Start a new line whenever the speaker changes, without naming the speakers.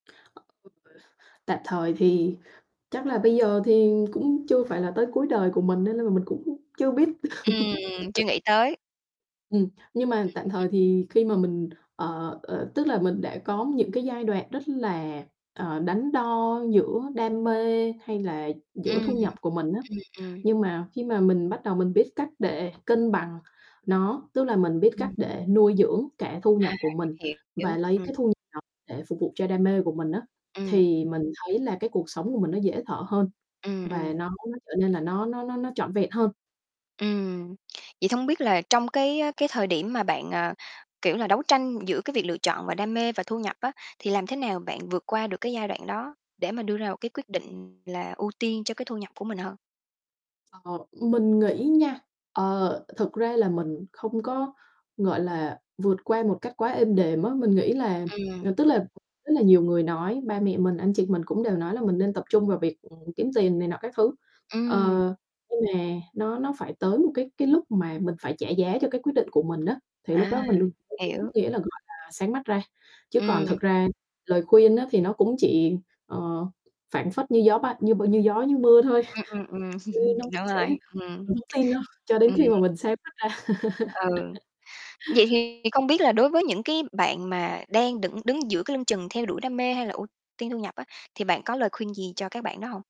[unintelligible] Tạm thời thì chắc là bây giờ thì cũng chưa phải là tới cuối đời của mình nên nên là mình cũng chưa biết.
Ừm, chưa nghĩ tới.
Ừm, nhưng mà tạm thời
[unintelligible]
thì khi mà mình, ờ ờ, tức là mình đã có những cái giai đoạn rất là, ờ, đắn đo giữa đam mê hay là giữa
Ừm,
thu nhập
ừm,
của mình á,
ừm.
nhưng mà khi mà mình bắt đầu mình biết cách để cân bằng nó, tức là mình biết cách
Ừm.
để nuôi dưỡng cả thu
À,
nhập của mình
hiểu,
và lấy
ừm.
cái thu nhập để phục vụ cho đam mê của mình á.
Ừm.
Thì mình thấy là cái cuộc sống của mình nó dễ thở hơn
Ừm,
và
ừm.
nó nó trở nên là nó nó nó nó trọn vẹn hơn.
Ừm, vậy thông biết là trong cái, ơ, cái thời điểm mà bạn, ờ, kiểu là, đấu tranh giữa cái việc lựa chọn và đam mê và thu nhập á, thì làm thế nào bạn vượt qua được cái giai đoạn đó, để mà đưa ra một cái quyết định là ưu tiên cho cái thu nhập của mình hơn?
Ờ, mình nghĩ nha, ờ, thực ra là mình không có, gọi là, vượt qua một cách quá êm đềm á, mình nghĩ là
Ừm.
ờ, tức là rất là nhiều người nói, ba mẹ mình, anh chị mình cũng đều nói là mình nên tập trung vào việc, ừm, kiếm tiền này nọ các thứ. Ờ,
Ừm.
nhưng mà nó nó phải tới một cái cái lúc mà mình phải trả giá cho cái quyết định của mình á, thì lúc
À,
đó mình [unintelligible] đúng
hiểu.
nghĩa là, gọi là, sáng mắt ra. Chứ còn
Ừm.
thực ra lời khuyên á thì nó cũng chỉ, ờ, phảng phất như gió bay như b như gió như mưa thôi.
Ừm, ừm, ừm,
Chứ nó cũng
đúng
sẽ
rồi, ừm.
mình hổng tin đâu cho đến
Ừm.
khi mà mình sáng mắt ra.
Ừ, vậy thì không biết là đối với những cái bạn mà đang đựng đứng giữa cái lưng chừng theo đuổi đam mê hay là ưu tiên thu nhập á, thì bạn có lời khuyên gì cho các bạn đó hông?